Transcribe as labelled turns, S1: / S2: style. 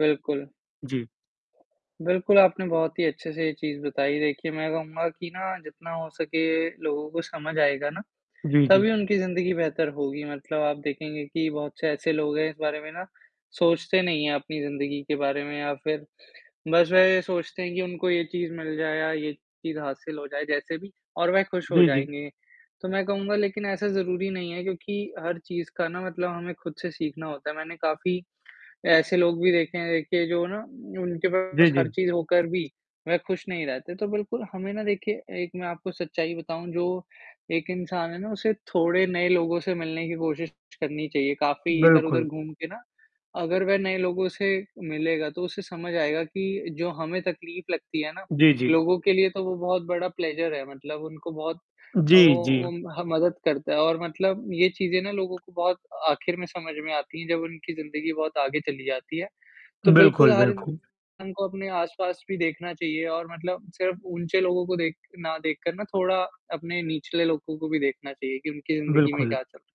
S1: बिल्कुल।
S2: जी।
S1: बिल्कुल, आपने बहुत ही अच्छे से ये चीज़ बताई, देखिए मैं कहूँगा कि ना जितना हो सके लोगों को समझ आएगा ना,
S2: जी, जी।
S1: तभी उनकी ज़िंदगी बेहतर होगी मतलब आप देखेंगे कि बहुत से ऐसे लोग हैं इस बारे में ना, सोचते नहीं हैं अपनी ज़िंदगी के बारे में या फिर, बस वह ये सोचते हैं कि उनको ये चीज़ मिल जाए या ये चीज़ हासिल हो जाए जैसे भी और वह खुश हो
S2: जी, जी।
S1: जाएँगे। तो मैं कहूँगा लेकिन ऐसा ज़रूरी नहीं है क्योंकि हर चीज़ का ना मतलब हमें खुद से सीखना होता है मैंने काफ़ी, ऐसे लोग भी देखें हैं, देखिए जो ना उनके
S2: जी,
S1: पास हर
S2: जी।
S1: चीज़ होकर भी, वह खुश नहीं रहते, तो बिल्कुल हमें ना देखिए एक मैं आपको सच्चाई बताऊँ जो, एक इंसान है ना उसे थोड़े नए लोगों से मिलने की कोशिश करनी चाहिए काफ़ी इधर-उधर
S2: बिल्कुल।
S1: घूम के ना, अगर वह नए लोगों से मिलेगा तो उसे समझ आएगा कि जो हमें तकलीफ़ लगती है ना,
S2: जी, जी।
S1: लोगों के लिए तो वो बहुत बड़ा प्लेज़र है मतलब उनको बहुत अ, वो
S2: जी, जी।
S1: उम, हाँ मदद करता है और मतलब ये चीज़ें ना लोगों को बहुत आखिर में समझ में आती हैं जब उनकी ज़िंदगी बहुत आगे चली जाती है। तो बिल्कुल
S2: बिल्कुल,
S1: हर
S2: बिल्कुल।
S1: इंसान को अपने आस-पास भी देखना चाहिए और मतलब सिर्फ़ ऊँचे लोगों को देख ना देखकर ना थोड़ा अपने निचले लोगों को भी देखना चाहिए कि उनकी ज़िंदगी में
S2: बिल्कुल।
S1: क्या चल